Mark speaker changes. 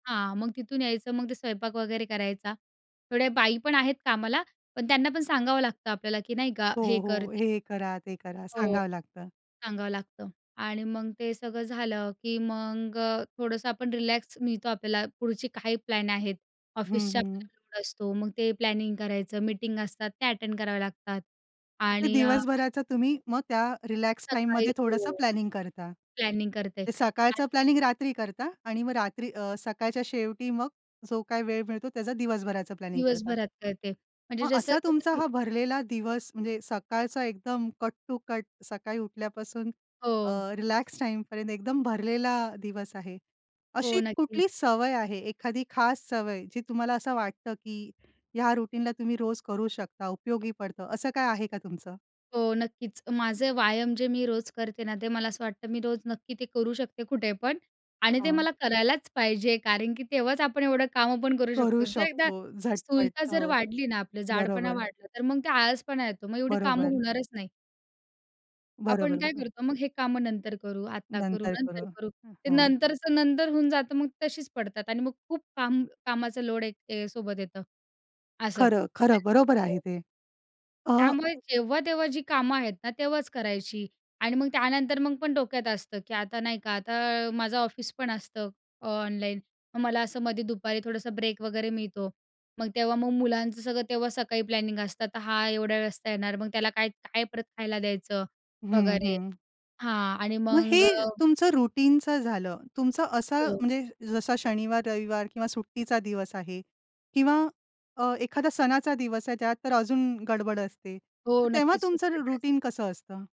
Speaker 1: हां, मग तिथून यायचं मग ते स्वयंपाक वगैरे करायचा. थोड्या बाई पण आहेत कामाला पण त्यांना पण सांगावं लागतं आपल्याला की नाही का
Speaker 2: हो,
Speaker 1: हे कर ते
Speaker 2: हो,
Speaker 1: कर
Speaker 2: हे करा ते करा.
Speaker 1: हो,
Speaker 2: सांगावं लागतं.
Speaker 1: सांगावं लागतं आणि मग ते सगळं झालं की मग अ थोडंसं आपण रिलॅक्स मिळतो आपल्याला. पुढची काही प्लॅन आहेत
Speaker 2: हं,
Speaker 1: ऑफिसच्या
Speaker 2: हं.
Speaker 1: प्लॅनिंग असतो. मग ते प्लॅनिंग करायचं. मीटिंग असतात त्या अटेंड करावे लागतात
Speaker 2: मग ते
Speaker 1: आणि अ
Speaker 2: दिवसभराचा तुम्ही मग त्या रिलॅक्स
Speaker 1: सकाळी
Speaker 2: टाईममध्ये
Speaker 1: हो,
Speaker 2: थोडसं प्लॅनिंग करता.
Speaker 1: प्लॅनिंग करते.
Speaker 2: ते सकाळचं
Speaker 1: आधी
Speaker 2: प्लॅनिंग रात्री करता आणि मग रात्री अ, सकाळच्या शेवटी मग जो काही वेळ मिळतो त्याचा दिवसभराचं प्लॅनिंग करता.
Speaker 1: दिवसभरात ते. म्हणजे
Speaker 2: मग
Speaker 1: जसं
Speaker 2: असा
Speaker 1: जसं
Speaker 2: तुमचा
Speaker 1: दी
Speaker 2: हा भरलेला दिवस म्हणजे सकाळचा एकदम कट टू कट सकाळी उठल्यापासून अ,
Speaker 1: हो.
Speaker 2: रिलॅक्स टाईम पर्यंत एकदम भरलेला दिवस आहे.
Speaker 1: हो
Speaker 2: अशी
Speaker 1: नक्कीच.
Speaker 2: कुठली सवय आहे, एखादी खास सवय जी तुम्हाला असं वाटतं की ह्या रुटीनला तुम्ही रोज करू शकता, उपयोगी पडतं. असं काय आहे का तुमचं?
Speaker 1: हो, नक्कीच. माझे व्यायाम जे मी रोज करते ना ते मला असं वाटतं मी रोज नक्की ते करू शकते कुठे पण आणि ते
Speaker 2: हं.
Speaker 1: मला करायलाच पाहिजे. कारण की तेव्हाच आपण एवढं कामं पण करू
Speaker 2: करू
Speaker 1: शकतो जर एकदा
Speaker 2: शकतो झटपट,
Speaker 1: स्थूलता जर
Speaker 2: हो,
Speaker 1: वाढली ना आपलं जाडपणा
Speaker 2: बरोबर.
Speaker 1: वाढला. तर मग ते आळसपणा येतो मग एवढी कामं
Speaker 2: बरोबर.
Speaker 1: होणारच नाही.
Speaker 2: बरोबर,
Speaker 1: आपण काय
Speaker 2: बरोबर.
Speaker 1: करतो मग हे कामं नंतर करू, आता करू,
Speaker 2: नंतर करू,
Speaker 1: नंतर करू, ते
Speaker 2: हां.
Speaker 1: नंतरचं नंतर होऊन जातं मग तशीच पडतात आणि मग खूप काम कामाचं लोड एक सोबत येतं. असं
Speaker 2: खरं, खरं.
Speaker 1: आणि
Speaker 2: बरोबर आहे
Speaker 1: हो.
Speaker 2: ते. अ
Speaker 1: त्यामुळे जेव्हा तेव्हा जी कामं आहेत ना तेव्हाच करायची आणि मग त्यानंतर मग पण डोक्यात असतं की आता नाही का. आता माझं अ ऑफिस पण असतं अ ऑनलाईन. मग मला असं मध्ये दुपारी थोडंसं ब्रेक वगैरे मिळतो. मग तेव्हा मग मुलांचं सगळं तेव्हा सकाळी प्लॅनिंग असतं. तर हा एवढा वेळ वाजता येणार मग त्याला काय काय परत खायला द्यायचं
Speaker 2: हं,
Speaker 1: वगैरे
Speaker 2: हं.
Speaker 1: हां आणि
Speaker 2: मग
Speaker 1: मग
Speaker 2: हे
Speaker 1: अ
Speaker 2: तुमचं रुटीनचं झालं. तुमचा असं
Speaker 1: हो.
Speaker 2: म्हणजे जसा शनिवार-रविवार किंवा सुट्टीचा दिवस आहे किंवा अ, एखादा सणाचा दिवस आहे त्यात तर अजून गडबड असते.
Speaker 1: हो,
Speaker 2: मग तेव्हा
Speaker 1: नक्कीच खूप गडबड
Speaker 2: तुमचं
Speaker 1: असते.
Speaker 2: रुटीन कसं असतं?